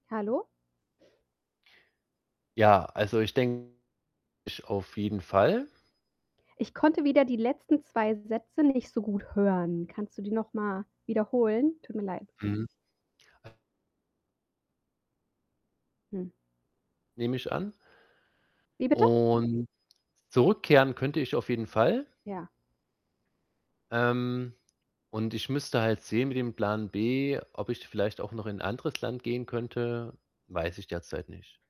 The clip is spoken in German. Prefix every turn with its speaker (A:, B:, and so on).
A: Hallo?
B: Ja, also ich den [unintelligible] auf jeden Fall.
A: Ich konnte wieder die letzten 2 Sätze nicht so gut hören, kannst du die noch mal wiederholen? Tut mir leid.
B: Mhm. Äh
A: Hm.
B: Nehme ich an
A: Wie bitte?
B: und zurückkehren könnte ich auf jeden Fall
A: Ja.
B: ähm, und ich müsste halt sehen mit dem Plan B. Ob ich vielleicht auch noch in 'n anderes Land gehen könnte, weiß ich derzeit nicht.